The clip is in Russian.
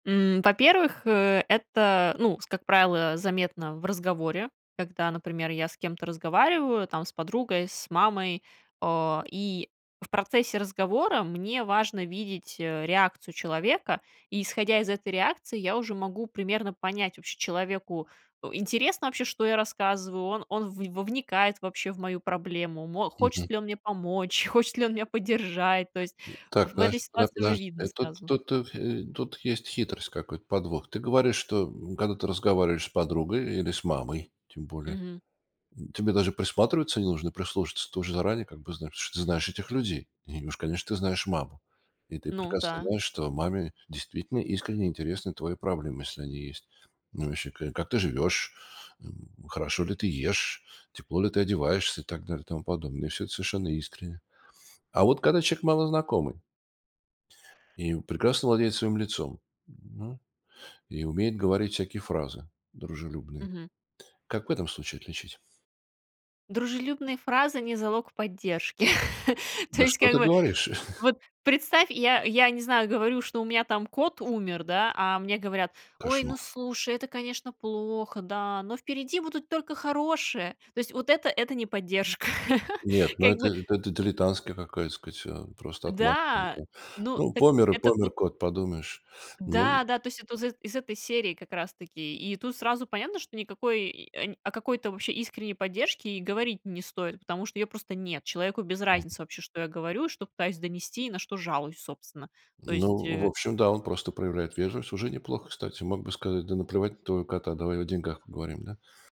М, во-первых, э, это, ну, с как правило, заметно в разговоре, когда, например, я с кем-то разговариваю, там, с подругой, с мамой, о. И в процессе разговора мне важно видеть реакцию человека, и исходя из этой реакции, я уже могу примерно понять, вообще, человеку, у, интересно вообще, что я рассказываю, он он в вникает вообще в мою проблему, мо хочет Мгм. ли он мне помочь, хочет ли он меня поддержать. То есть, Так, в этой подожди, тогда ситуации уже подожди. видно Тут сразу. тут, э, хе тут есть хитрость, какой-то подвох. Ты говоришь, что, м, когда ты разговариваешь с подругой или с мамой тем более, Мгм. м, тебе даже присматриваться не нужно, прислушаться. Ты уже заранее как бы знаешь, ты знаешь этих людей. И уж, конечно, ты знаешь маму. И ты Ну прекрасно да. знаешь, что маме действительно искренне интересны твои проблемы, если они есть. Ну вообще к как ты живешь, м? Хорошо ли ты ешь, тепло ли ты одеваешься и так далее, тому подобное. И всё это совершенно искренне. А вот когда человек малознакомый и прекрасно владеет своим лицом, м, и умеет говорить всякие фразы дружелюбные, Мгм. как в этом случае отличить? Дружелюбные фразы- не залог поддержки. То Да есть, что как ты бы, говоришь? вот представь, я я не знаю, говорю, что у меня там кот умер, да, а мне говорят: "Ой, ну Кошмар. слушай, это, конечно, плохо, да, но впереди будут только хорошее." То есть вот это- это не поддержка. Нет, ну Как это бы это дилитантская какая-то сказать, а, просто отмазка Да, это. ну, Ну, так помер и это помер вот кот, подумаешь, ну Да, да, то есть это из из этой серии как раз таки, и тут сразу понятно, что никакой и о какой-то вообще искренней поддержке и говорить не стоит, потому что её просто нет. Человеку без Мгм. разницы, вообще, что я говорю, что пытаюсь донести и на что жалуюсь, собственно, то есть, Ну, в э общем, да, он просто проявляет вежливость. Уже неплохо, кстати. Мог бы сказать: "Да наплевать на твоего кота, давай о деньгах поговорим"- да?